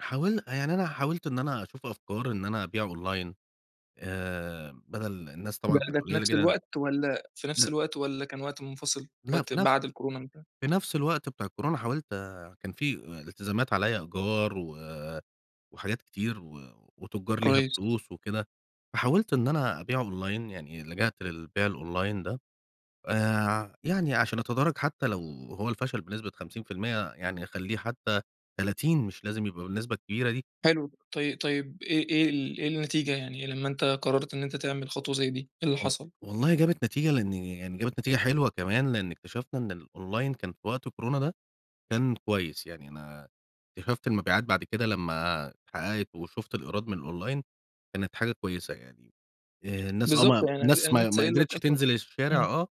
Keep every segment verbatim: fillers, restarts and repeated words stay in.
حاول يعني أنا حاولت إن أنا أشوف أفكار إن أنا أبيع أونلاين آآ بدَل الناس ده طبعًا كانت ده في قليّلة نفْس جدًا. الوقت والَّا في لأ. نفْس الوقت والّا كان وقت منفصِل، لأ وقت في نفْ بعد الكورونا ما انتهى. في نفْس الوقت بتاع الكورونا حاولت آآ، كان في آآ إلتزامات، عليَّ إيجار و وحاجات كتير و وتُجّار ليها كويس. فلوس وكده، فحاوِلت إن أنا أبيع أونلاين يعني، لجأت للبيع الأونلاين ده آآ، يعني عشان أتدارك حتى لو هو الفشل بنسبة خمسين في المِيّة يعني أخلِّيه حتى تلاتين مش لازم يبقى بالنسبة الكبيرة دي. حلو، طي طيب إيه إيه ال إيه النتيجة يعني لمَّا أنتَ قررت إن أنت تعمل خطوة زي دي، إيه اللي و حصل؟ والله جابت نتيجة لإن، يعني جابت نتيجة حلوة كمان لإن اكتشفنا إن الأونلاين كان في وقت كورونا ده كان كويس، يعني أنا اكتشَفت المبيعات بعد كده لمّا اتحقَّقِت، وشُفت الإيراد من الأونلاين كانت حاجة كويسة يعني آآ، الناس آه بالضبط، م يعني أنا الناس أنا ما ما لسه ما قايل قدِرتش لك أصلًا تنزِل الشارع امم. آه،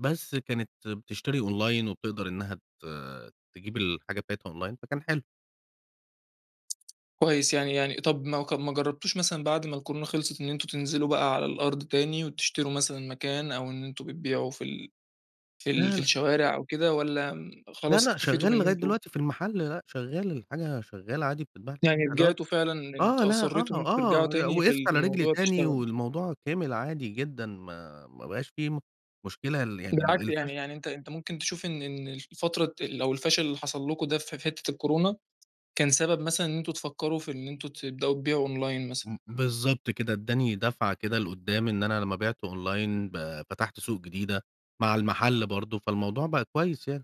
بس كانت بتشتري أونلاين وبتقدَر إنها ت تجيب الحاجة بتاعتها أونلاين فكان حلو. كويس، يعني يعني طَب ما ك ما جرّبتوش مثلًا بَعد ما الكورونا خِلصت إن أنتم تنزِلوا بقى على الأرض تاني، وتشتروا مثلًا مكان أو إن أنتم بتبيعوا في ال في ال لا، في لأ الشوارع أو كده والّا م لا، خلاص لأ، اكتفيتوا شغّال بإن لغاية أنتم دلوقتي في المحل، لأ شغّال، الحاجة شغّالة عادي بتتباع يعني [unintelligible] رجِعتوا فعلًا آه، أنتم لأ، آه، أصرِّيتوا إن أنتم ترجَعوا آه، تاني في وقَفت ال في على رِجلي الموضوع تاني وتشتغلوا. والموضوع كمِل عادي جدًا ما ما بقاش في م مشكلة ل يعني بالعكس يعني، الفش يعني أنت أنت ممكن تشوف إن إن ال فترة ال أو الفشل اللي حصل لكم ده ف في حتِّة الكورونا، كان سبَب مثلًا إن أنتم تفكّروا في إن أنتم تبدأوا تبيعوا أونلاين مثلًا. م بالضبط كده، إدَّاني دَفعة كده لقُدَّام إن أنا لمّا بِعت أونلاين ب فتحْت سوق جديدة مع المحل برضه، فالموضوع بقى كويس يعني.